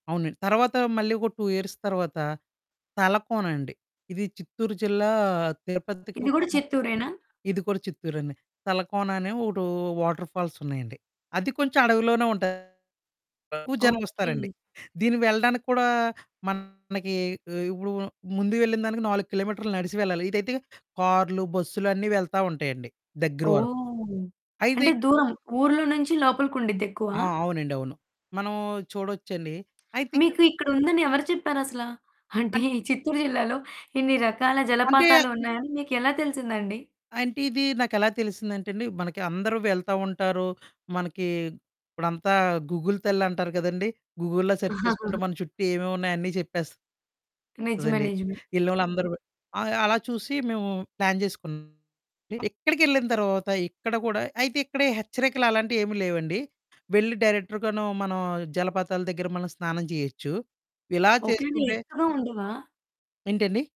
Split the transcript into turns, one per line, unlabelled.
అవునండి. తర్వాత మళ్లీ ఒక 2 ఇయర్స్ తర్వాత తలకోనండి. ఇది చిత్తూరు జిల్లా,
ఇది
తిరుపతికొక
గూడ చిత్తూరేనా?
ఇది కూడా చిత్తూరేనే. తలకోన అనే ఒకటో వాటర్ ఫాల్స్ ఉన్నాయండి. అది కొంచెం అడవిలోనే ఉంటాది. ఎక్కువ జనం వస్తారండి.
ఓకే.
దీనికి వెళ్లడానికి కూడా మనకి, ఇప్పుడు ముందు వెళ్లిన దానికి 4 కిలోమీటర్లు నడిసి వెళ్లాలి. ఇదైతే కారులు, బస్సులు అన్నీ వెళ్తా ఉంటాయండి దగ్గర వరకు.
ఓహ్!
అయితే
అంటే
ఇక్కడ
దూరం, ఊర్లో నుంచి లోపలికుండిద్ది ఎక్కువ?
ఆ! అవునండి, అవును. మనం చూడొచ్చండి. అయితే ఇక్కడ
మీకు ఇక్కడుందని ఎవరు చెప్పారసల? అంటే
అన్
ఈ చిత్తూరు జిల్లాలో ఇన్ని రకాల
అంటే
జలపాతాలున్నాయని మీకు ఎలా తెలిసిందండి?
అంటే ఇది నాకెలా తెలిసిందంటేండి, మనకి అందరూ వెళ్తా ఉంటారు. మనకి ఇప్పుడంతా గూగుల్ తల్లంటారు కదండీ! గూగుల్‌లో సెర్చ్ చేసుకుంటే మన చుట్టూ ఏమేమున్నాయో అన్నీ చెప్పేస్తదండి.
నిజమే, నిజమే.
యెళ్లినోళ్లందరూ ఆ! అలా చూసి మేము ప్లాన్ జేసుకున్నామండి. ఇక్కడికెళ్లిన తర్వాత ఇక్కడ కూడా అయితే ఇక్కడే హెచ్చరికలు అలాంటియేమి లేవండి. వెళ్లి డైరెక్ట్‌రుగను మనం జలపాతాల దగ్గర మనం స్నానం చేయొచ్చు. ఇలా
ఒకేల
చేసుకుంటే
ఎక్కడా ఉండవా?
ఏంటండి?